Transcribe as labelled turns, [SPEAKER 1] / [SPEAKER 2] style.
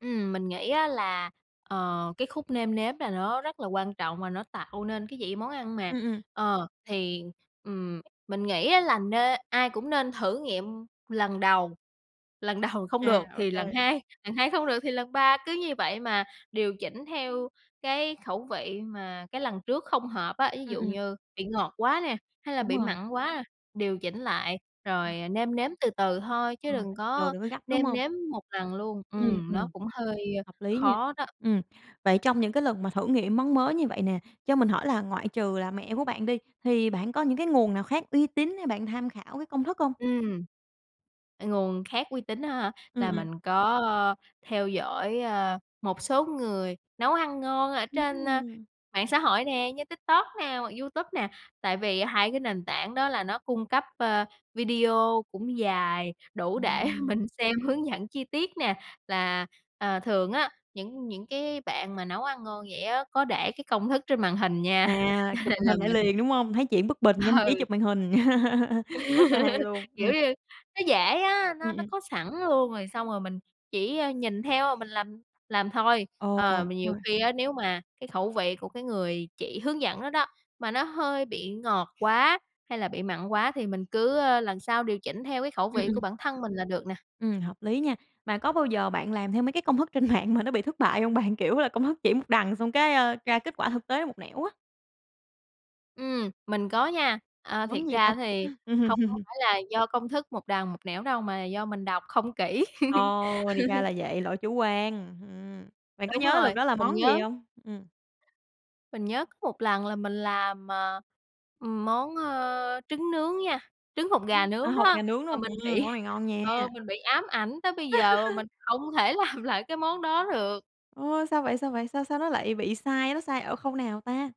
[SPEAKER 1] Ừm, mình nghĩ á là, ờ, cái khúc nêm nếm là nó rất là quan trọng và nó tạo nên cái vị món ăn mà.
[SPEAKER 2] Ừm, ừm.
[SPEAKER 1] Ờ, thì, ừm, mình nghĩ á là nên ai cũng nên thử nghiệm lần đầu, lần đầu không
[SPEAKER 2] À,
[SPEAKER 1] được
[SPEAKER 2] ô
[SPEAKER 1] thì lần
[SPEAKER 2] kê.
[SPEAKER 1] hai, lần hai không được thì lần ba. Cứ như vậy mà điều chỉnh theo cái khẩu vị mà cái lần trước không hợp á, ví
[SPEAKER 2] Ừm,
[SPEAKER 1] dụ
[SPEAKER 2] ừm.
[SPEAKER 1] như bị ngọt quá nè hay là
[SPEAKER 2] Đúng
[SPEAKER 1] bị
[SPEAKER 2] rồi.
[SPEAKER 1] mặn quá, điều chỉnh lại
[SPEAKER 2] Ừm.
[SPEAKER 1] rồi nêm nếm từ từ thôi
[SPEAKER 2] Ờ,
[SPEAKER 1] chứ đừng
[SPEAKER 2] rồi
[SPEAKER 1] có
[SPEAKER 2] đừng có gấp, đúng
[SPEAKER 1] nêm
[SPEAKER 2] hông?
[SPEAKER 1] nếm một lần luôn.
[SPEAKER 2] Ừm,
[SPEAKER 1] Ừm, nó
[SPEAKER 2] ừm.
[SPEAKER 1] cũng hơi
[SPEAKER 2] Hợp lý nha.
[SPEAKER 1] khó đó.
[SPEAKER 2] Ừm, vậy trong những cái lần mà thử nghiệm món mới như vậy nè, cho mình hỏi là ngoại trừ là mẹ của bạn đi, thì bạn có những cái nguồn nào khác uy tín hay bạn tham khảo cái công thức hông?
[SPEAKER 1] Ừm. Ờ, nguồn khác uy tín á hả?
[SPEAKER 2] Ừm,
[SPEAKER 1] Là
[SPEAKER 2] ừm.
[SPEAKER 1] mình có theo dõi, a, một số người nấu ăn ngon ở trên ở
[SPEAKER 2] Ừm.
[SPEAKER 1] mạng xã hội nè, như TikTok nè hoặc YouTube nè, tại vì 2 cái nền tảng đó là nó cung cấp, ơ, video cũng dài đủ để
[SPEAKER 2] Ừm.
[SPEAKER 1] mình xem hướng dẫn chi tiết nè. Là, à, thường á những những cái bạn mà nấu ăn ngon vậy á có để cái công thức trên màn hình nha,
[SPEAKER 2] À,
[SPEAKER 1] cho
[SPEAKER 2] chụp
[SPEAKER 1] nên
[SPEAKER 2] màn
[SPEAKER 1] là
[SPEAKER 2] hình lại
[SPEAKER 1] mình
[SPEAKER 2] liền, đúng hông? Thấy chuyện bất bình nhanh trí
[SPEAKER 1] Ừ.
[SPEAKER 2] chụp màn hình. Rất là hay luôn! Ừm.
[SPEAKER 1] Kiểu như, nó dễ á, nó
[SPEAKER 2] Ừm,
[SPEAKER 1] nó
[SPEAKER 2] ừm.
[SPEAKER 1] có sẵn luôn rồi xong rồi mình chỉ, ơ, nhìn theo mình làm làm thôi.
[SPEAKER 2] Ờ,
[SPEAKER 1] Ờ,
[SPEAKER 2] đúng
[SPEAKER 1] mà nhiều
[SPEAKER 2] rồi.
[SPEAKER 1] khi á nếu mà cái khẩu vị của cái người chỉ hướng dẫn đó đó mà nó hơi bị ngọt quá hay là bị mặn quá thì mình cứ, ơ, lần sau điều chỉnh theo cái khẩu
[SPEAKER 2] Ừm,
[SPEAKER 1] vị
[SPEAKER 2] ừm.
[SPEAKER 1] của bản thân mình là được nè.
[SPEAKER 2] Ừm, hợp lý nha. Mà có bao giờ bạn làm theo mấy cái công thức trên mạng mà nó bị thất bại hông bạn? Kiểu là, công thức chỉ một đằng xong cái, ơ, ra kết quả thực tế một nẻo á.
[SPEAKER 1] Ừm, mình có nha. Ờ, thiệt
[SPEAKER 2] Món gì ta?
[SPEAKER 1] ra thì hông có phải là do công thức một đằng một nẻo đâu mà do mình đọc không kỹ.
[SPEAKER 2] Ồ! Thì ra là vậy, lỗi chủ quan, ừm. Bạn có
[SPEAKER 1] Đúng
[SPEAKER 2] nhớ lần
[SPEAKER 1] rồi,
[SPEAKER 2] đó là
[SPEAKER 1] mình
[SPEAKER 2] món gì
[SPEAKER 1] nhớ
[SPEAKER 2] hông? Ừm.
[SPEAKER 1] mình nhớ có một lần là mình làm, ờ, ừm, món, ơ, trứng nướng nha, trứng hột gà
[SPEAKER 2] À,
[SPEAKER 1] nướng
[SPEAKER 2] hột
[SPEAKER 1] đó,
[SPEAKER 2] gà nướng
[SPEAKER 1] mà
[SPEAKER 2] luôn?
[SPEAKER 1] mình
[SPEAKER 2] Ừm,
[SPEAKER 1] bị
[SPEAKER 2] món này ngon nha!
[SPEAKER 1] ờ, mình bị ám ảnh tới bây giờ mà mình không thể làm lại cái món đó được.
[SPEAKER 2] Ôi, sao vậy? Sao vậy? Sao sao nó lại bị sai? Nó sai ở khâu nào ta?